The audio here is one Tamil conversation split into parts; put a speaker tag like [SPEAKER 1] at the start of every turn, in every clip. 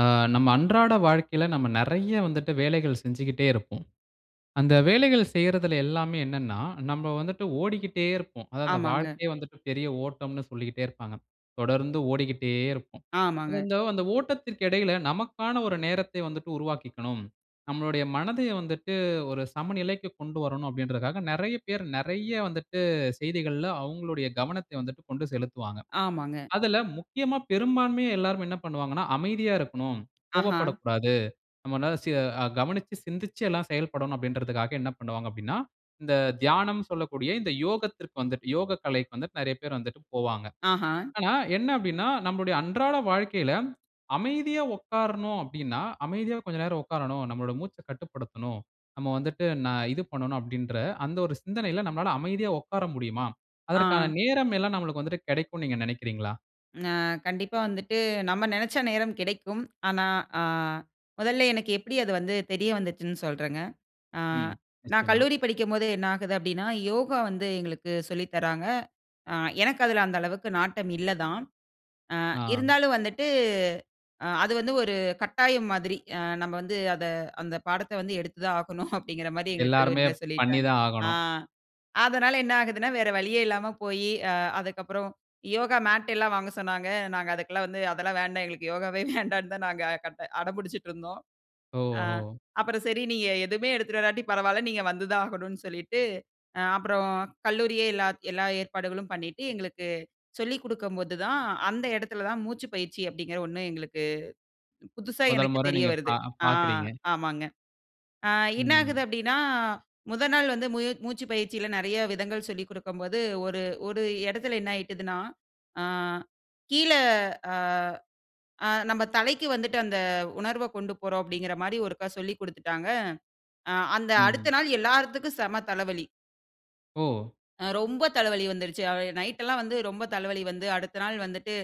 [SPEAKER 1] ஆ, நம்ம அன்றாட வாழ்க்கைல நம்ம நெறைய வந்துட்டு வேலைகள் செஞ்சிகிட்டே இருப்போம். அந்த வேலைகள் செய்றதுல எல்லாமே என்னன்னா, நம்ப வந்துட்டு ஓடிக்கிட்டே இருப்போம். அதாவது அந்த
[SPEAKER 2] ஆமாங்க.
[SPEAKER 1] வாழ்க்கையே வந்து பெரிய ஓட்டம்னு சொல்லிட்டே இருப்பாங்க. தொடர்ந்து ஓடிக்கிட்டே இருப்போம். அது,
[SPEAKER 2] ஆமாங்க
[SPEAKER 1] அந்த ஓட்டத்திற்கு இடையில நமக்கான ஒரு நேரத்த வந்துட்டு உருவாக்கிக்கணும். நம்மளுடைய மனதை வந்துட்டு ஒரு சமநிலைக்கு கொண்டு வரணும் அப்டின்றதுக்காக, நெறைய பேர் நெறைய வந்துட்டு, செய்திகள்ல அவங்களுடைய கவனத்தை வந்துட்டு கொண்டு செலுத்துவாங்க.
[SPEAKER 2] ஆமாங்க.
[SPEAKER 1] அதுல முக்கியமா பெரும்பான்மையா எல்லாரும் என்ன பண்ணுவாங்கன்னா, அமைதியா இருக்கணும்.
[SPEAKER 2] ஆஹா.
[SPEAKER 1] கோபப்படக்கூடாது. நம்ப ந சி அ, கவனிச்சி சிந்திச்சு எல்லாம் செயல்படணும் அப்டின்றதுக்காக என்ன பண்ணுவாங்க அப்டீன்னா, இந்த தியானம்னு சொல்லக்கூடிய இந்த யோகத்திற்கு வந்துட்டு, யோகக்கலைக்கு வந்துட்டு நெறைய பேர் வந்துட்டு போவாங்க.
[SPEAKER 2] ஆஹா.
[SPEAKER 1] ஆனா என்ன அப்டீன்னா, நம்முடைய அன்றாட வாழ்க்கையில அமைதியா உட்காரணும் அப்டீன்னா, அமைதியா கொஞ்ச நேரம் உட்காரணும். நம்மோட மூச்ச கட்டுப்படுத்தணும். நம்ம வந்துட்டு, ந இது பண்ணனும். அப்டீன்ற அந்த ஒரு சிந்தனையில நம்மளால அமைதியா உட்கார முடியுமா? அதற்கான
[SPEAKER 2] ஆ.
[SPEAKER 1] நேரம் எல்லாம் நம்மளுக்கு வந்துட்டு கிடைக்குனு நீங்க நினைக்கிறீங்களா?
[SPEAKER 2] அ, கண்டிப்பா வந்துட்டு நம்ம நினைச்ச நேரம் கிடைக்கும். ஆனா அ, மொதல எனக்கு எப்டி அது, வந்து தெரிய வந்துச்சின்னு சொல்றேங்க. அ,
[SPEAKER 1] ம்,
[SPEAKER 2] நான்
[SPEAKER 1] நிச்சயமா.
[SPEAKER 2] கல்லூரி படிக்கும்போது என்ன ஆகுது அப்டீன்னா, யோகா வந்து எங்களுக்கு சொல்லி தராங்க. அ, எனக்கு அதுல அந்த அளவுக்கு நாட்டம் இல்ல தான். அ
[SPEAKER 1] ஆ.
[SPEAKER 2] இருந்தாலும் வந்துட்டு, அ அது வந்து ஒரு கட்டாயம் மாதிரி. அ நம்ப வந்து அத அந்த பாடத்த வந்து எடுத்து தான் ஆகணும் அப்டீன்கற மாரி எங்க
[SPEAKER 1] எல்லாருமே
[SPEAKER 2] கல்லூரில
[SPEAKER 1] பண்ணி
[SPEAKER 2] சொல்லிட்டாங்க.
[SPEAKER 1] தான்
[SPEAKER 2] ஆ
[SPEAKER 1] ஆகணும்.
[SPEAKER 2] அதுனால என்ன ஆகுதுன்னா, வேற வழியே இல்லாம போயி, அ அதுக்கப்றம் யோகா மேட் எல்லாம் வாங்க சொன்னாங்க. நாங்க அதுக்கெல்லாம் வந்து, அதெல்லாம் வேண்டாம். எங்களுக்கு யோகாவே வேண்டான்னு தான், நாங்க கட் அடம்புடிச்சிட்டு இருந்தோம். அ,
[SPEAKER 1] ஓஹோ!
[SPEAKER 2] அப்பறம் சரி, நீங்க எதுவுமே எடுத்துட்டு வராட்டி பரவால்ல. நீங்க வந்து தான் ஆகணும்னு சொல்லீட்டு, அப்பறம் கல்லூரியே எல்லா, எல்லா ஏற்பாடுகளும் பண்ணிட்டு, எங்களுக்கு சொல்லிக் குடுக்கும்போது தான், அந்த இடத்துல தான் மூச்சுப் பயிற்சி அப்டீங்ற ஒண்ணு எங்களுக்கு, புதுசா
[SPEAKER 1] முதல்
[SPEAKER 2] எனக்கு
[SPEAKER 1] முறை
[SPEAKER 2] தெரிய
[SPEAKER 1] நீங்க பா
[SPEAKER 2] வருது. ஆ
[SPEAKER 1] பாக்குறீங்க.
[SPEAKER 2] ஆமாங்க. அ என்ன ஆகுது
[SPEAKER 1] ம்.
[SPEAKER 2] அப்டீன்னா, முதல் நாள் வந்து, மூய மூச்சு பயிற்சில நெறைய விதங்கள் சொல்லிக் கொடுக்கும் போது ஒரு ஒரு இடத்துல என்ன ஆயிட்டத்துனா, அ கீழ அ அ நம்ப தலைக்கு வந்துட்டு அந்த உணர்வ கொண்டு போறோம். அப்டீன்கற மாரி ஒருக்கா சொல்லிக் குடுத்துட்டாங்க. ஆ அந்த அடுத்த
[SPEAKER 1] ம்.
[SPEAKER 2] நாள் எல்லார்த்துக்கும் செம தலவலி.
[SPEAKER 1] ஓ!
[SPEAKER 2] அ ரொம்ப தலைவலி வந்துடுச்சி. நைட் எல்லாம் வந்து ரொம்ப தலைவலி வந்து அடுத்த நாள் வந்துட்டு,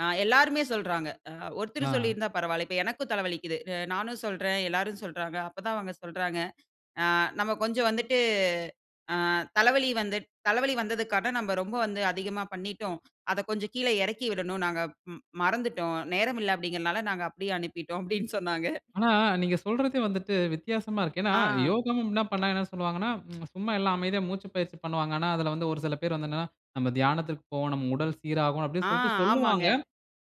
[SPEAKER 2] அ எல்லோருமே சொல்லுறாங்க. அ ஒருத்தர்
[SPEAKER 1] ஆ.
[SPEAKER 2] சொல்லியிருந்தா பரவாயில்ல. இப்போ எனக்கும் தலை வலிக்குது. அ நானும் சொல்றேன். எல்லோரும் சொல்லுறாங்க. அப்போ தான் அவங்க சொல்லுறாங்க. அ நம்ப கொஞ்சம் வந்துட்டு ஆ தலைவலி வந்து தலைவலி வந்ததற்காக நம்ப ரொம்ப வந்து அதிகமா பண்ணிட்டோம். அத கொஞ்சம் கீழ இறக்கி விடணும். நாங்க ம் மறந்துட்டோம். நேரம் இல்ல அப்டீங்குறதுல, நாங்க அப்படியே அனுப்பிட்டோம் அப்டீன்னு சொன்னாங்க.
[SPEAKER 1] ஆனா, நீங்க சொல்லுறது வந்துட்டு வித்தியாசமா இருக்கு. ஏனா,
[SPEAKER 2] ஆ.
[SPEAKER 1] யோகம்ன்னா என்ன பண்ணுனா, என்ன சொல்வாங்கன்னா, சும்மா எல்லாம் அமைதியா மூச்சு பயிற்சி பண்ணுவாங்க. ஆனா அதுல வந்து ஒரு சில பேர் வந்து என்னனா, "நம்ப தியானத்திற்கு போவோம் நம் உடல் சீராகும்."
[SPEAKER 2] ஆ,
[SPEAKER 1] அப்டீன்னுட்டு சொல்லிட்டு
[SPEAKER 2] ஆமாம்ங்க.
[SPEAKER 1] சொல்லுவாங்க.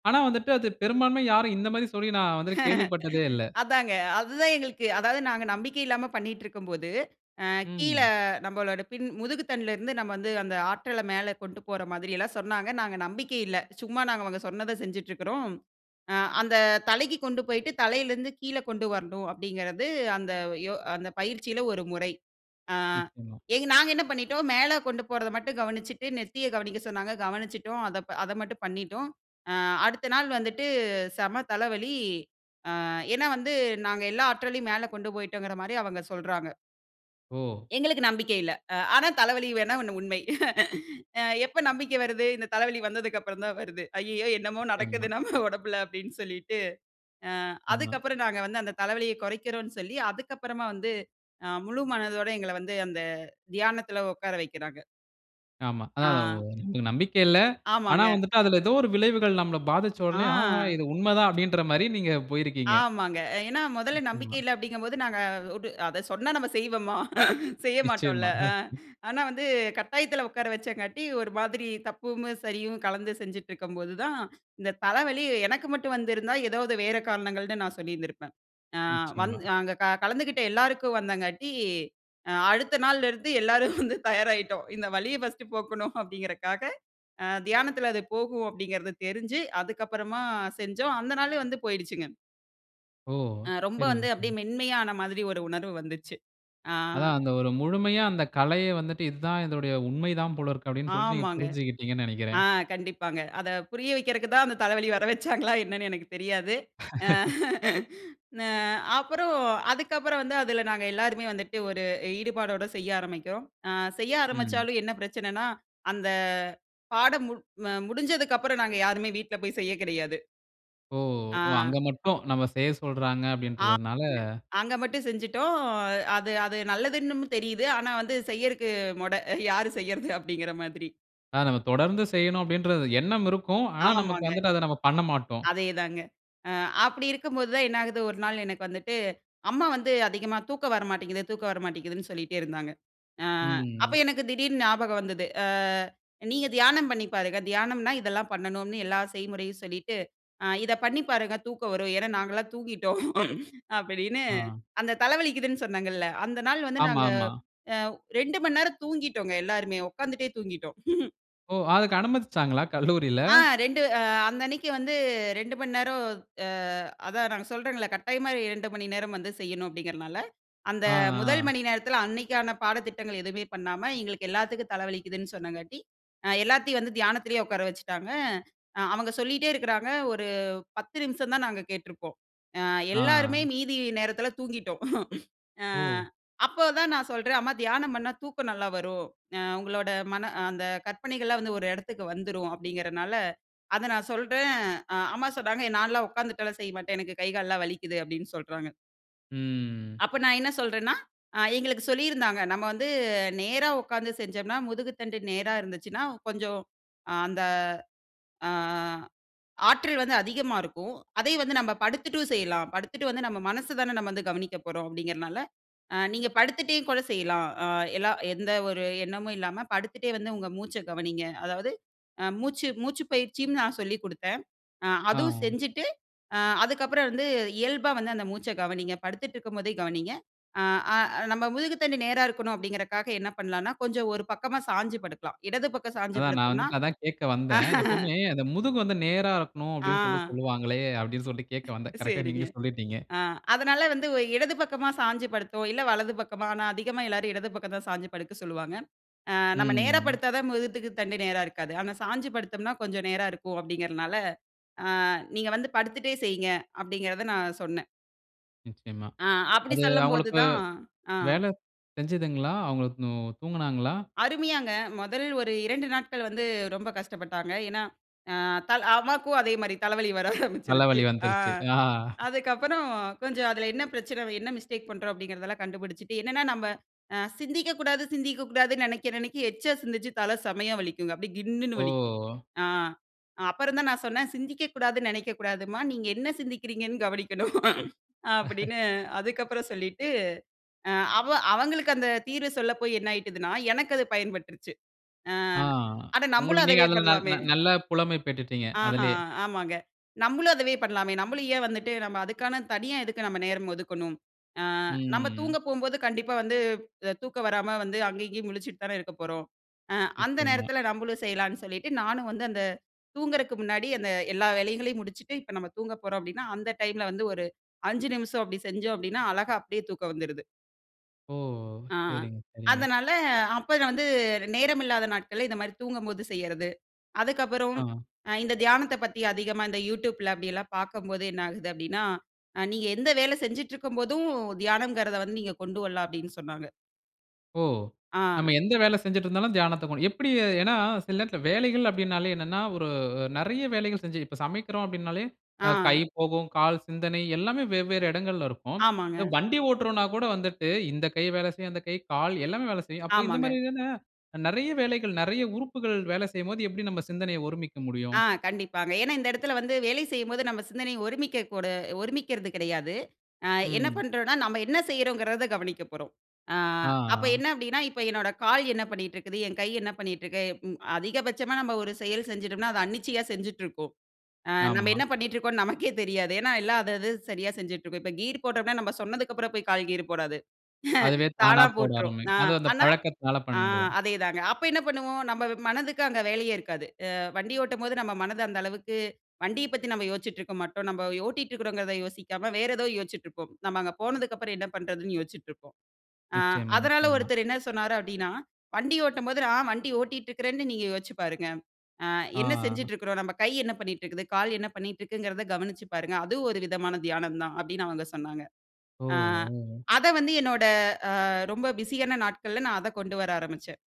[SPEAKER 1] ஆனா வந்துட்டு அது பெரும்பான்மையாக யாரும் இந்த மாரி சொல்லி நான் வந்துட்டு கேள்விப்பட்டதே இல்ல.
[SPEAKER 2] அதாங்க. அதுதான் எங்களுக்கு அதாது நாங்க நம்பிக்கை இல்லாம பண்ணிகிட்டுருக்கும்போது, அ கீழ
[SPEAKER 1] ம்.
[SPEAKER 2] நம்பளோட பின் முதுகு தண்டுலேருந்து நம்ப வந்து அந்த ஆற்றல்ல மேல கொண்டு போற மாதிரியெல்லாம் சொன்னாங்க. நாங்க நம்பிக்கை இல்ல. சும்மா நாங்க அவங்க சொன்னத செஞ்சுட்ருக்குறோம். "அ அந்த தலைக்கு கொண்டு போயிட்டு தலையிலேருந்து கீழ கொண்டு வரணும்." அப்டீங்கிறது அந்த யோ அந்த பயிற்சியில ஒரு முறை. ஆ
[SPEAKER 1] நிச்சியமா.
[SPEAKER 2] நாங்க என்ன பண்ணிவிட்டோம். மேல கொண்டு போறத மட்டும் கவனிச்சிட்டு நெத்தியக் கவனிக்க சொன்னாங்க கவனிச்சிட்டோம். அத அத மட்டும் பண்ணிட்டோம். அ அடுத்த நாள் வந்துட்டு செம தலைவலி. ஆ ஏன்னா, வந்து நாங்க எல்லா ஆற்றலையும் மேல கொண்டு போயிட்டோங்கர மாரி அவங்க சொல்லுறாங்க.
[SPEAKER 1] ஓ!
[SPEAKER 2] எங்களுக்கு நம்பிக்கை இல்ல. அ ஆனா தலைவலி வேணா ஒண்ணு உண்மை. அ, எப்ப நம்பிக்கை வருது? இந்த தலைவலி வந்ததுக்கு அப்பறம் தான் வருது. ஐய்யயோ! என்னமோ,
[SPEAKER 1] நிச்சயமா.
[SPEAKER 2] நடக்குது நம்ம உடம்புல அப்டின்னு சொல்லிட்டு, அ
[SPEAKER 1] ஆமா.
[SPEAKER 2] அதுக்கப்றம் நாங்க வந்து அந்த தலைவலியக் குறைக்கிறோன்னு சொல்லி, அதுக்கப்பறமா வந்து அ முழு மனதோட எங்கள வந்து அந்த தியானத்ல உட்கார வைக்கிறாங்க.
[SPEAKER 1] ஆமா.
[SPEAKER 2] ஆ.
[SPEAKER 1] அதான் நம்பிக்க இல்ல. ஆனா
[SPEAKER 2] ஆமாங்க.
[SPEAKER 1] வந்துட்டு அதுல எதோ ஒரு விளைவுகள் நம்மள பாதிச்ச உடனே, "ஆஹா!
[SPEAKER 2] ஆ!
[SPEAKER 1] இது உண்ம தான்", அப்டின்ற மாரி, நீங்க போயிருக்கீங்க.
[SPEAKER 2] ஆமாங்க. ஏன்னா முதல்ல நம்பிக்கை
[SPEAKER 1] நிச்சயமா.
[SPEAKER 2] இல்ல அப்டிங்கம்போது, நாங்க உடு அத சொன்னா நம்ம செய்வோமா? செய்ய மாட்டோன்ல.
[SPEAKER 1] நிச்சயமாங்க.
[SPEAKER 2] அ ஆனா வந்து கட்டாயத்தில உட்கார வச்சதுனால ஒரு மாதிரி தப்பும் சரியும் கலந்து செஞ்சுட்டு இருக்கும்போது தான், இந்த தலவலி எனக்கு மட்டும் வந்திருந்தா எதாவது வேற காரணங்கள்னு நான் சொல்லியிருந்திருப்பேன். அ,
[SPEAKER 1] நிச்சயமா.
[SPEAKER 2] வந்து அங்க க கலந்துகிட்ட எல்லாருக்கும் வந்தனால அ அடுத்த நாள்ல இருந்து எல்லாரும் வந்து தயாராயிட்டோம். இந்த வலிய ஃபர்ஸ்ட்டு போக்கணும் அப்டிங்கறதுக்காக, அ தியானத்துல அது போகும் அப்டிங்கறது தெரிஞ்சு, அதுக்கப்பறமா செஞ்சோம். அந்த நாளே வந்து போயிடுச்சுங்க.
[SPEAKER 1] ஓ!
[SPEAKER 2] அ ரொம்ப
[SPEAKER 1] சரிங்க,
[SPEAKER 2] வந்து அப்டியே
[SPEAKER 1] சரிங்க.
[SPEAKER 2] மென்மையான மாதிரி ஒரு உணர்வு வந்துச்சு. ஆ.
[SPEAKER 1] அதான் அந்த ஒரு முழுமையா அந்த கலைய வந்துட்டு, இதான் இதோடைய உண்மை தான் போல இருக்கு அப்டின்னு சொல்லிட்டு, நீங்க
[SPEAKER 2] ஆமாங்க.
[SPEAKER 1] புரிஞ்சுக்கிட்டீங்கன்னு
[SPEAKER 2] அ
[SPEAKER 1] நினைக்கிறேன்.
[SPEAKER 2] கண்டிப்பாங்க. அத புரிய வைக்குறதுக்கு தான், அந்த தலைவலி வர வச்சாங்களா என்னன்னு எனக்குத் தெரியாது. அ அப்றம், அதுக்கு அப்றம் வந்து, அதுல நாங்க எல்லாருமே வந்துட்டு ஒரு, ஈடுபாடோட செய்ய ஆரம்பிக்கிறோம். அ செய்ய
[SPEAKER 1] ம்.
[SPEAKER 2] ஆரம்பிச்சாலும் என்ன பிரச்சனனா, அந்த பாடம் மு அ முடிஞ்சதுக்கு அப்பறம் நாங்க யாருமே வீட்ல போய் செய்ய கிடையாது.
[SPEAKER 1] ஓ! ஒ
[SPEAKER 2] ஆ.
[SPEAKER 1] அங்க மட்டும். நம்ம செய்ய சொல்றாங்க
[SPEAKER 2] ஆமாங்க.
[SPEAKER 1] அப்டீன்றதனால.
[SPEAKER 2] அங்க மட்டும் செஞ்சுட்டோம். அ, அது, அது நல்லதுன்னும் தெரியுது. ஆனா, வந்து செய்றதுக்கு முட யாரு செய்யறது அப்டீங்கற மாதிரி.
[SPEAKER 1] அ, நம்ம தொடர்ந்து செய்யணும், அப்பிடீன்றது எண்ணம் இருக்கும். ஆனா, நமக்கு
[SPEAKER 2] ஆமாங்க.
[SPEAKER 1] வந்துட்டு அத நம்ம பண்ணமாட்டோம்.
[SPEAKER 2] அதேதாங்க. அ, அப்டி இருக்கும்போது தான், என்ன ஆகுது ஒரு நாள் எனக்கு வந்துட்டு, அம்மா வந்து அதிகமா தூக்கம் வர மாட்டேங்குது, தூக்கம் வரமாட்டேங்குதுன்னு, சொல்லிகிட்டே இருந்தாங்க. அ, அப்ப
[SPEAKER 1] ம்.
[SPEAKER 2] எனக்கு திடீர்னு ஞாபகம் வந்தது. அ, நீங்க தியானம் பண்ணி பாருங்க, தியானம்னா இதெல்லாம் பண்ணணும்னு எல்லா செய்முறையும் சொல்லிட்டு, "இத பண்ணி பாருங்க. தூக்கம் வரும் ஏன்னா நாங்கள்லாம் தூங்கிட்டோம்" அப்டீன்னு,
[SPEAKER 1] ஆ.
[SPEAKER 2] அந்த தலை வலிக்குதுன்னு சொன்னங்கள்ல. அந்த நாள் வந்து நாங்க,
[SPEAKER 1] ஆமாமா.
[SPEAKER 2] அ, 2:00 மணி நேரம் தூங்கிட்டோங்க, எல்லாருமே. உட்காந்துட்டே தூங்கிட்டோம்.
[SPEAKER 1] ஓ! அதுக்கு அனுமதிச்சாங்களா? கல்லூரில.
[SPEAKER 2] ஆ. 2 அ, அந்த அன்னைக்கு வந்து, 2 மணி நேரம் அ, அதான் நான் சொல்றேன்ல கட்டாயமா இரு 2:00 மணி நேரம் வந்து செய்யணும். அப்டீங்றனால, அந்த
[SPEAKER 1] அ,
[SPEAKER 2] 1:00
[SPEAKER 1] ஆ.
[SPEAKER 2] மணி நேரத்துல அன்னைக்கான பாடத்திட்டங்கள் எதுமே பண்ணாம, எங்களுக்கு எல்லாத்துக்கும் தல வலிக்குதுன்னு சொன்னாங்காட்டி அ, எல்லாத்தையும் வந்து தியானத்திலயே உட்கார வச்சுட்டாங்க. அவங்க சொல்லிட்டே இருக்குறாங்க. ஒரு. 10 நிமிஷம் தான் நாங்க கேட்டிருப்போம். அ, எல்லாருமே
[SPEAKER 1] ஆ.
[SPEAKER 2] மீதி நேரத்துல தூங்கிட்டோம். அ,
[SPEAKER 1] ஓ!
[SPEAKER 2] அப்போ தான் நான் சொல்றேன், "அம்மா தியானம் பண்ணா தூக்கம் நல்லா வரும். அ, உங்களோட மன அந்த கற்பனைகள்லாம் வந்து, ஒரு இடத்துக்கு வந்துரும் அப்பிடீங்கறதுனால", அத நான் சொல்றேன். அ, அம்மா சொல்றாங்க, "நான்லாம் உட்காந்துட்டுலாம் செய்ய மாட்டேன். எனக்கு கை கால்லாம் வலிக்கிது", அப்டீன்னு சொல்றாங்க.
[SPEAKER 1] ம்.
[SPEAKER 2] அப்ப நான் என்ன சொல்றேன்னா அ எங்களுக்கு சொல்லி இருந்தாங்க. நம்ம வந்து நேரா உட்கார்ந்து செஞ்சம்ன்னா முதுகுத்தண்டு நேரா இருந்துச்சுன்னா கொஞ்சம் அந்த ஆ ஆற்றல் வந்து அதிகமா இருக்கும். அதே வந்து நம்ப படுத்துட்டும் செய்யலாம். படுத்துட்டு வந்து நம்ம மனசு தான நம்ம வந்து கவனிக்கப் போறோம் அப்டிங்கறனால, அ நீங்க படுத்துட்டே கூட செய்யலாம். அ எல்லா எந்த ஒரு எண்ணமும் இல்லாம படுத்துட்டே வந்து உங்க மூச்ச கவனிங்க. அதாவது அ மூச்சு மூச்சு பயிற்சின்னு நான் சொல்லிக் குடுத்தேன். அ அதுவும்
[SPEAKER 1] ஆ.
[SPEAKER 2] செஞ்சுட்டு அ அதுக்கு அப்புறம் வந்து இயல்பா வந்து அந்த மூச்ச கவனிங்க. படுத்துட்டு இருக்கும் போதே கவனிங்க. ஆ அ நம்ப முதுகு தண்டு நேரா இருக்கணும் அப்டிங்கறகாக என்ன பண்ணலானா கொஞ்சம் ஒரு பக்கமா சாஞ்சு படுக்கலாம். இடது பக்கம் சாஞ்சு
[SPEAKER 1] அதான் நான்
[SPEAKER 2] படுத்தோன்னா
[SPEAKER 1] வந்துட்டு அதான் கேக்க வந்தேன். எப்போமே அந்த முதுகு வந்து நேரா இருக்கணும் அப்டின்னு சொல்ட்டு
[SPEAKER 2] ஆ.
[SPEAKER 1] சொல்வாங்களே அப்டின்னு சொல்ட்டு கேட்க வந்தேன். கரெக்ட்டா
[SPEAKER 2] சரிங்க.
[SPEAKER 1] நீங்களே சொல்லிட்டீங்க.
[SPEAKER 2] ஆ அதுனால வந்து உ இடது பக்கமா சாஞ்சு படுத்தோம், இல்ல வலது பக்கமா ஆனா அதிகமா எல்லோரும் இடது பக்கம் தான் சாஞ்சு படுக்க சொல்லுவாங்க. ஆ நம்ம நேரா
[SPEAKER 1] ம்.
[SPEAKER 2] படுத்தா தான் முதுகுத் தண்டு நேரா இருக்காது. ஆனா சாஞ்சு படுத்தோம்ன்னா கொஞ்சம் நேரா இருக்கும் அப்டிங்கறனால ஆ, "நீங்க வந்து படுத்துட்டே செய்ங்க" அப்டிங்கிறத நான் சொன்னேன்.
[SPEAKER 1] நிச்சயமா.
[SPEAKER 2] ஆ அப்டி
[SPEAKER 1] அது
[SPEAKER 2] சொல்லும்போது
[SPEAKER 1] அவங்களுக்கு
[SPEAKER 2] தான் ஆ.
[SPEAKER 1] வேல செஞ்சதுங்களா? அவங்களுக்கும் தூங்கினாங்களா?
[SPEAKER 2] அருமையாங்க, முதல் ஒரு 2 நாட்கள் வந்து ரொம்ப கஷ்டப்பட்டாங்க. ஏனா அ அத்தாள் அம்மாக்கும் அதே மாரி தலவலி வர ஆரம்பிச்சுருச்சு.
[SPEAKER 1] தலவலி
[SPEAKER 2] ஆ
[SPEAKER 1] வந்துருச்சு.
[SPEAKER 2] அதுக்கு அப்புறம் கொஞ்சம் அதுல என்ன பிரச்சனை வ என்ன மிஸ்டேக் பண்ணுறோம் அப்டிங்கிறதெல்லாம் கண்டுபுடிச்சுட்டு என்னென்னா நம்ப அ சிந்திக்க கூடாது சிந்திக்க கூடாதுன்னு நெனைக்க நெனைக்க எக்சா சிந்திச்சு தல செமயா வலிக்குங்க, அப்டியே கின்னுனு வலிக்கும்.
[SPEAKER 1] ஓ!
[SPEAKER 2] ஆ. அ அப்புறம் தான் நான் சொன்னேன், "சிந்திக்க கூடாதுன்னு நெனைக்க கூடாதும்மா நீங்க என்ன சிந்திக்கிறீங்கன்னு கவனிக்கணும்." அப்டின்னு அதுக்கு அப்புறம் சொல்லிட்டு அ அவ அவங்களுக்கு அந்த தீர்வு சொல்ல போய் என்ன ஆயிட்டுதுன்னா, எனக்கு அது பயன்பட்டுருச்சு. ஆ
[SPEAKER 1] ஆ,
[SPEAKER 2] அட நம்பளும்
[SPEAKER 1] உங்களுக்கு நீங்க
[SPEAKER 2] அதவே
[SPEAKER 1] அதில நல்
[SPEAKER 2] பண்ணலாமே.
[SPEAKER 1] நல் நல்ல புலமை பெற்றுட்டீங்க
[SPEAKER 2] ஆஹா!
[SPEAKER 1] அதிலேயே.
[SPEAKER 2] ஆமாங்க. நம்மளும் அதவே பண்ணலாமே நம்மளும் ஏன் வந்துட்டு நம்ம அதுக்கான தனியா எதுக்கு நம்ம நேரம் ஒதுக்கணும்? ஆ நம்ப
[SPEAKER 1] ம்.
[SPEAKER 2] தூங்க போம்போது கண்டிப்பா வந்து அ தூக்கம் வராம வந்து அங்கே இங்கேயும் முழிச்சிட்டு தானே இருக்க போறோம். அ அந்த
[SPEAKER 1] நிச்சயமா.
[SPEAKER 2] நேரத்தில நம்பளும் செய்யலான்னு சொல்லிட்டு நானும் வந்து அந்த தூங்குறக்கு முன்னாடி அந்த எல்லா வேலைகளையும் முடிச்சுட்டு, இப்ப நம்ம தூங்கப் போறோம் அப்டின்னா, அந்த டைம்ல வந்து ஒரு அஞ்சு நிமிஷம் அப்டி செஞ்சோம் அப்டின்னா அழகா அப்டியே தூக்கம் வந்துருது.
[SPEAKER 1] ஓ!
[SPEAKER 2] ஆ.
[SPEAKER 1] சரிங்க, சரிங்க.
[SPEAKER 2] அதனால அப்போது வந்து, நேரம் இல்லாத நாட்கள்ல இந்தமாரி தூங்கும்போது செய்யறது. அதுக்கப்புறம்,
[SPEAKER 1] ஆமா.
[SPEAKER 2] அ இந்த தியானத்தப் பத்திஅதிகமா இந்த YouTubeல அப்படியெல்லாம் பார்க்கும்போது என்ன ஆகுது அப்பிடின்னா, "அ நீங்க எந்த வேல செஞ்சிட்ருக்கும் போதும், தியானம்ங்கிறத வந்து நீங்க கொண்டு வரலாம்!" அப்படின்னு சொன்னாங்க.
[SPEAKER 1] ஓ!
[SPEAKER 2] ஆ.
[SPEAKER 1] நம்ம எந்த வேலை செஞ்சிட்டு இருந்தாலும் தியானத்த கொண் எப்படி? ஏன்னா, சில நேரத்துல வேலைகள் அப்பிடினாலே என்னன்னா, ஒரு அ நிறைய வேலைகள் செஞ்சு இப்ப சமைக்கிறோம் அப்பிடினாலே, அ கை
[SPEAKER 2] ஆ.
[SPEAKER 1] போகும், கால், சிந்தனை எல்லாமே வெவ்வேறு இடங்கள்ல இருக்கும். இந்த
[SPEAKER 2] ஆமாங்க.
[SPEAKER 1] வண்டி ஓட்டுறோன்னாக் கூட வந்துட்டு, இந்த கை வேலை செய்யும், அந்த கை, கால் எல்லாமே வேலை செய்யும். அப்ப
[SPEAKER 2] ஆமாங்க.
[SPEAKER 1] இந்தமாரி தான, நிறைய வேலைகள் நிறைய உறுப்புகள் வேல செய்யும்போது எப்படி நம்ம சிந்தனைய ஒருமிக்க முடியும்?
[SPEAKER 2] ஆ கண்டிப்பாங்க. ஏன்னா, இந்த இடத்துல வந்து வேலை செய்யும்போது நம்ம சிந்தனை ஒருமிக்க கூட ஒருமிக்கறது கிடையாது. ஆ, என்ன
[SPEAKER 1] ம்.
[SPEAKER 2] பண்றோன்னா நம்ம என்ன செய்யிறோங்கிறத கவனிக்கப் போறோம். ஆ,
[SPEAKER 1] ஆ,
[SPEAKER 2] அப்ப
[SPEAKER 1] ஆ.
[SPEAKER 2] என்ன அப்பிடின்னா, இப்ப என்னோட கால் என்ன பண்ணிட்ருக்குது? என் கை என்ன பண்ணிட்ருக்கு? அ ம். அதிகபட்சமா நம்ம ஒரு செயல் செஞ்சுட்டோம்னா, அத அன்னிச்சையா செஞ்சுட்ருக்கும். ஆ நம்ம
[SPEAKER 1] ஆமா.
[SPEAKER 2] என்ன பண்ணிட்ருக்கோன்னு நமக்கே தெரியாது. ஏன்னா, எல்லா அது, அது சரியா செஞ்சுட்ருக்கும். இப்ப கீயரு போட்டோம்னா, நம்ம சொன்னதுக்குப்புறம் போயி கால் கியரு போடாது.
[SPEAKER 1] அதுவே தானா
[SPEAKER 2] தானா
[SPEAKER 1] போட
[SPEAKER 2] போட்ரும். நா
[SPEAKER 1] ஆரம்பிக்கும். அது அந்த
[SPEAKER 2] ஆனா
[SPEAKER 1] பழக்கத்துனால
[SPEAKER 2] ஆ
[SPEAKER 1] பண்றேன்.
[SPEAKER 2] அதே தாங்க. அப்ப என்ன பண்ணுவோம்? நம்ம ம மனதுக்கு அங்க வேலயே இருக்காது. அ வண்டி ஓட்டும்போது நம்ம மனது, அந்த அளவுக்கு வண்டியப் பத்தி நம்ம யோச்சிட்டுருக்க மாட்டோம். நம்ப ஓட்டிட்டுருக்கிறோங்கிறத யோசிக்காம வேற எதோ யோச்சிட்டுருப்போம். நம்ம அங்க போனதுக்கு அப்புறம் என்ன பண்றதுன்னு யோச்சிட்டுருப்போம். ஆ
[SPEAKER 1] நிச்சயமா,
[SPEAKER 2] அதனால
[SPEAKER 1] நிச்சயமா.
[SPEAKER 2] ஒருத்தரு என்ன சொன்னாரு அப்படீன்னா, "வண்டி ஓட்டும் போது, நான் வண்டி ஓட்டிட்டு இருக்கிறேன்னு நீங்க யோசிச்சு பாருங்க. ஆ
[SPEAKER 1] ஆ,
[SPEAKER 2] என்ன
[SPEAKER 1] ஆ.
[SPEAKER 2] செஞ்சிட்டு இருக்கிறோம்? நம்ப கை என்ன பண்ணிட்டு இருக்குது? கால் என்ன பண்ணிட்டுருக்குங்கிறத கவனிச்சுப் பாருங்க. அது ஒரு விதமான தியானம் தான்" அப்பிடின்னு அவுங்க சொன்னாங்க.
[SPEAKER 1] ஓ!
[SPEAKER 2] ஆ,
[SPEAKER 1] ஓ!
[SPEAKER 2] அதை வந்து என்னோட அ, ரொம்ப பிசியான நாட்கள்ல நான் அதை கொண்டு வர ஆரம்பிச்சேன்.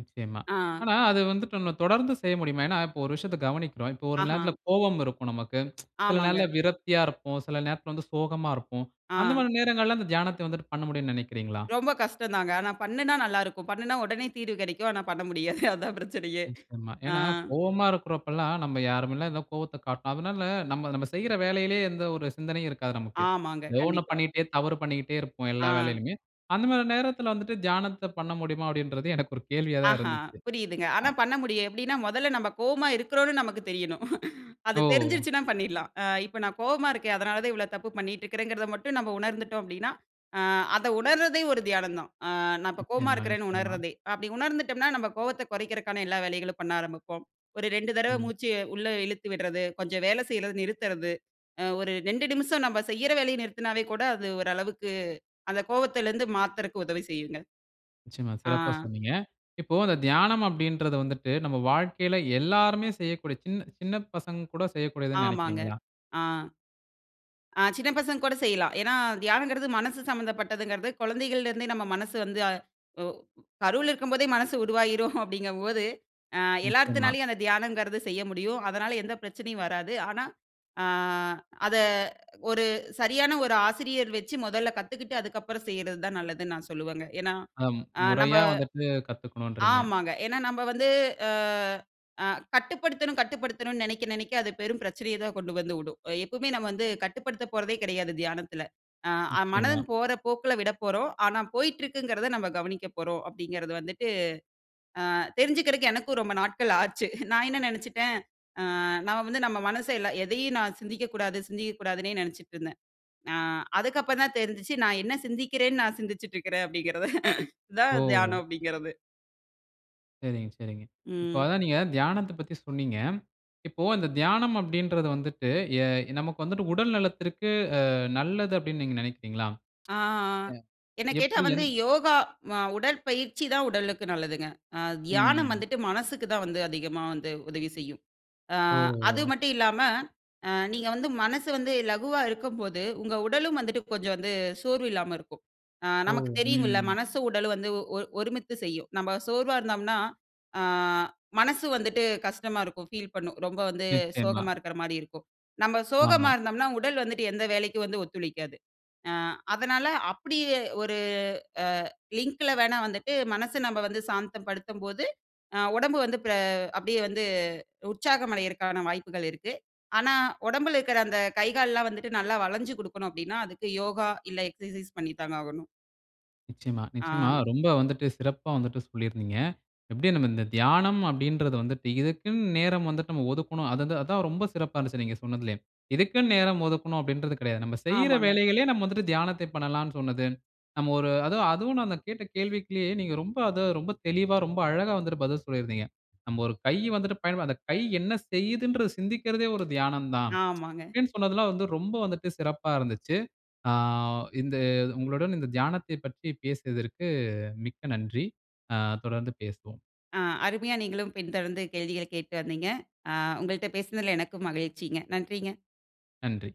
[SPEAKER 1] நிச்சயமா.
[SPEAKER 2] ஆ.
[SPEAKER 1] ஆனா, அது வந்துட்டு நம்ம தொடர்ந்து செய்ய முடியுமா? ஏனா, இப்போ ஒரு விஷயத்த கவனிக்கிறோம். இப்போ ஒரு
[SPEAKER 2] ஆஹ.
[SPEAKER 1] நேரத்துல கோபம் இருக்கும் நமக்கு. சில நேரத்துல
[SPEAKER 2] ஆமாங்க.
[SPEAKER 1] விரத்தியா இருப்போம். சில நேரத்தில் வந்து சோகமா இருப்போம். அந்த
[SPEAKER 2] ஆ.
[SPEAKER 1] மாரி நேரங்கள்ல அந்த தியானத்த வந்துட்டு பண்ண முடியும்னு நினைக்கிறீங்களா?
[SPEAKER 2] ரொம்ப கஷ்டம் தாங்க. ஆனா, பண்ணுனா நல்லாயிருக்கும். பண்ணுனா உடனே தீர்வு கிடைக்கும். ஆனா, பண்ண முடியாது. அதான் பிரச்சனையே.
[SPEAKER 1] நிச்சயமா.
[SPEAKER 2] ஆ.
[SPEAKER 1] ஏனா, கோபமா இருக்குற அப்போலாம், நம்ப யாருமேல கோவத்த காட்ட. அதனால நம்ம, நம்ம செய்யிற வேலையிலேயே எந்த ஒரு சிந்தனையும் இருக்காது நமக்கு.
[SPEAKER 2] ஆமாங்க.
[SPEAKER 1] ஏதோ ஒண்ணு
[SPEAKER 2] கண்டிப்பா.
[SPEAKER 1] பண்ணீட்டே, தவறு பண்ணீட்டே இருப்போம். எல்லா
[SPEAKER 2] ஆ.
[SPEAKER 1] வேலையிலுமே. அந்த மாரி நேரத்துல வந்துட்டு, தியானத்த பண்ண முடியுமா அப்டின்றதே எனக்கு ஒரு கேள்வியா தான்
[SPEAKER 2] ஆஹ.
[SPEAKER 1] இருந்துச்சு.
[SPEAKER 2] புரியுதுங்க.
[SPEAKER 1] அ
[SPEAKER 2] ஆனா பண்ண முடியும். எப்டின்னா முதல்ல நம்ம கோவமா இருக்கிறோம்னு நமக்கு தெரியணும். அது
[SPEAKER 1] ஓ!
[SPEAKER 2] தெரிஞ்சிடுச்சுனா பண்ணிட்லாம். ஆ இப்ப நான் கோவமா இருக்கேன். அதுனால தான் இவ்ளோ தப்பு பண்ணிட்டுருக்கிறேங்கிறத மட்டும் நம்ம உணர்ந்துட்டோம் அப்டின்னா, ஆ அத உணர்தே ஒரு தியானம் தான். ஆ நான் இப்ப கோவமா
[SPEAKER 1] நிச்சயமா,
[SPEAKER 2] இருக்கிறேன்னு
[SPEAKER 1] நிச்சயமா.
[SPEAKER 2] உணரதே. அப்டி உணர்ந்துட்டோம்னா நம்ம கோவத்த குறைக்கிறதுக்கான எல்லா வேலைகளும் பண்ண ஆரம்பிப்போம். ஒரு 2 தடவை
[SPEAKER 1] ம்.
[SPEAKER 2] மூச்ச, உள்ள இழுத்து விட்றது. கொஞ்சம் வேலை செய்றத நிறுத்துறது. அ ஒரு 2 நிமிஷம் நம்ம செய்ற வேலைய நிறுத்தினாவே கூட அது ஓரளவுக்கு. அந்த கோவத்துலருந்து மாத்துற்க்கு உதவி செய்யுங்க.
[SPEAKER 1] நிச்சயமா.
[SPEAKER 2] ஆ.
[SPEAKER 1] சிறப்பா சொன்னீங்க. இப்போ தியானம் அப்டின்றது வந்துட்டு நம்ம வாழ்க்கையில எல்லாருமே செய்யக்கூடிய சின்ன சின்ன பசங்க கூட செய்யக்கூடியதுன்னு
[SPEAKER 2] ஆமாங்க.
[SPEAKER 1] நினைக்கிறீங்களா?
[SPEAKER 2] ஆ. ஆ சின்ன பசங்க கூட செய்யலாம். ஏனா, தியானங்குறது மனசு சம்மந்தப்பட்டதுங்கறது. குழந்தைகள்ல இருந்தே நம்ம மனசு வந்து ஒ கருவுல இருக்கும்போதே மனசு உருவாகிடும் அப்டிங்கும் போது. ஆ
[SPEAKER 1] நிச்சயமா.
[SPEAKER 2] எல்லாத்துனாலும் அந்த தியானம்ங்கறது செய்ய முடியும். அதனால எந்த பிரச்சனையும் வராது. ஆனா, ஆ அத ஒரு சரியான ஒரு ஆசிரியர் வச்சி முதல்ல கத்துக்கிட்டு, அதுக்கப்புறம் செய்வறது தான் நல்லதுனு நான் சொல்லுவேங்க. ஏனா,
[SPEAKER 1] அ.
[SPEAKER 2] ஆ நம்ப
[SPEAKER 1] முறையா வந்துட்டு கத்துக்கணும்ன்றீங்க.
[SPEAKER 2] ஆமாங்க. ஏனா, நம்ப வந்து அ அ கட்டுப்படுத்தணும் கட்டுப்படுத்தணும்னு நனைக்க நனைக்க அது பெரும் பிரச்சனைய தான் கொண்டு வந்து உடும். எப்பவுமே நம்ம வந்து கட்டுப்படுத்தப் போறதே கிடையாது, தியானத்துல. ஆ
[SPEAKER 1] நிச்சயமா.
[SPEAKER 2] மனம் போற போக்குல விடப்போறோம். ஆனா, போய்ட்டு இருக்குங்கிறத நம்ம கவனிக்கப் போறோம் அப்டிங்கிறது வந்துட்டு. ஆ தெரிஞ்சுக்கற்கு எனக்கும் ரொம்ப நாட்கள் ஆச்சு. நான் என்ன நினைத்துட்டேன். ஆ நான் வந்து நம்ம மனச ந எதையும் நான் சிந்திக்க கூடாது, சிந்திக்க கூடாதுனே நினச்சிட்டுருந்தேன். ஆ அதுக்கு அப்புறம் தான் தெரிஞ்சிச்சி நான் என்ன சிந்திக்கிறேன்னு நான் சிந்திச்சிட்டு இருக்கிறேன் அப்டிங்கிறது. இது தான்
[SPEAKER 1] ஓ!
[SPEAKER 2] தியானம் அப்டிங்கறது.
[SPEAKER 1] சரிங்க, சரிங்க. இப்ப
[SPEAKER 2] ம்.
[SPEAKER 1] அதான் நீங்க தியானத்த பத்தி சொன்னீங்க. இப்போ அந்த தியானம் அப்படீன்றது வந்துட்டு, எ நமக்கு வந்துட்டு உடல் நலத்திற்கு அ நல்லது அப்டினு நீங்க நெனைக்கிறீங்களா?
[SPEAKER 2] ஆ
[SPEAKER 1] அ
[SPEAKER 2] என்ன கேட்டா
[SPEAKER 1] எப்டி?
[SPEAKER 2] வந்து
[SPEAKER 1] எந்
[SPEAKER 2] யோகா, அ உடற்பயிற்சி தான் உடலுக்கு நல்லதுங்க. அ தியானம்
[SPEAKER 1] ம்.
[SPEAKER 2] வந்துட்டு மனசுக்கு தான் வந்து அதிகமா வந்து உதவி செய்யும். ஆ அது
[SPEAKER 1] ஓ!
[SPEAKER 2] மட்டு இல்லாம, அ நீங்க வந்து மனசு வந்து லகுவா இருக்கும்போது உங்க உடலும் வந்துட்டு கொஞ்ச வந்து சோர்வு இல்லாம இருக்கும். ஆ
[SPEAKER 1] ஓ!
[SPEAKER 2] நமக்கு தெரியுமில்ல
[SPEAKER 1] ம்.
[SPEAKER 2] மனசும், உடலும் வந்து ஒ ஒருமித்து செய்யும். நம்ம சோர்வா இருந்தோம்னா ஆ மனசு வந்துட்டு கஷ்டமா இருக்கும் ஃபீல் பண்ணும். ரொம்ப வந்து
[SPEAKER 1] நிச்சயமா.
[SPEAKER 2] சோகமா இருக்குற மாரி இருக்கும். நம்ம சோகமா
[SPEAKER 1] ஆமா.
[SPEAKER 2] இருந்தோம்னா உடல் வந்துட்டு எந்த வேலைக்கு வந்து ஒத்துழைக்காது. ஆ அதனால அப்டியே ஒரு அ லிங்கில வேணா வந்துட்டு மனச நாம வந்து சாந்தப்படுத்தும்போது ஆ உடம்பு வந்து பெ அப்டியே வந்து உற்சாகமடைறதுக்கான வாய்ப்புகள் இருக்கு. ஆனா உடம்புல இருக்கற அந்த கை, கால்லா வந்துட்டு நல்லா வளஞ்சு குடுக்கணும் அப்டின்னா, அதுக்கு யோகா இல்ல, எக்சர்சைஸ் பண்ணி தாங்க ஆகணும்.
[SPEAKER 1] நிச்சியமா,
[SPEAKER 2] ஆ.
[SPEAKER 1] நிச்சியமா. ரொம்ப வந்துட்டு சிறப்பா வந்துட்டு சொல்லியிருந்தீங்க. எப்டி நம்ம இந்த தியானம் அப்டீன்றது வந்துட்டு இதுக்குனு நேரம் வந்துட்டு நம்ம ஒதுக்கணும். அதுத அதான் ரொம்ப சிறப்பா இருந்துச்சு நீங்க சொன்னதிலயே. இதுக்குனு நேரம் ஒதுக்கணும் அப்டீன்றது கிடையாது. நம்ம செய்யிற
[SPEAKER 2] ஆமாங்க.
[SPEAKER 1] வேலைகளிலே நாம வந்துட்டு தியானத்த பண்ணலானு சொன்னது. நம்ம ஒரு அது அதுவும் நான் அந்த கேட்ட கேள்விக்குலே நீங்க ரொம்ப அத ரொம்ப தெளிவா ரொம்ப அழகா வந்துட்டு பதில் சொல்லி இருந்தீங்க. நம்ப ஒரு கை வந்துட்டு பயன்ப அந்த கை என்ன செய்துன்றது சிந்திக்கிறதே ஒரு தியானம் தான்.
[SPEAKER 2] ஆமாங்க.
[SPEAKER 1] அப்டினு சொன்னதெல்லாம் வந்து ரொம்ப வந்துட்டு சிறப்பா இருந்துச்சு. ஆ இந்த உங்களுடன் இந்த தியானத்தைப் பற்றி பேசியதற்கு மிக்க நன்றி. ஆ தொடர்ந்து பேசுவோம்.
[SPEAKER 2] ஆ அருமையா நீங்களும் பின் தொடர்ந்து கேள்விகள கேட்டு வந்தீங்க. ஆ உங்கள்ட பேசினதில எனக்கு மகிழ்ச்சிங்க நன்றிங்க.
[SPEAKER 1] நன்றி.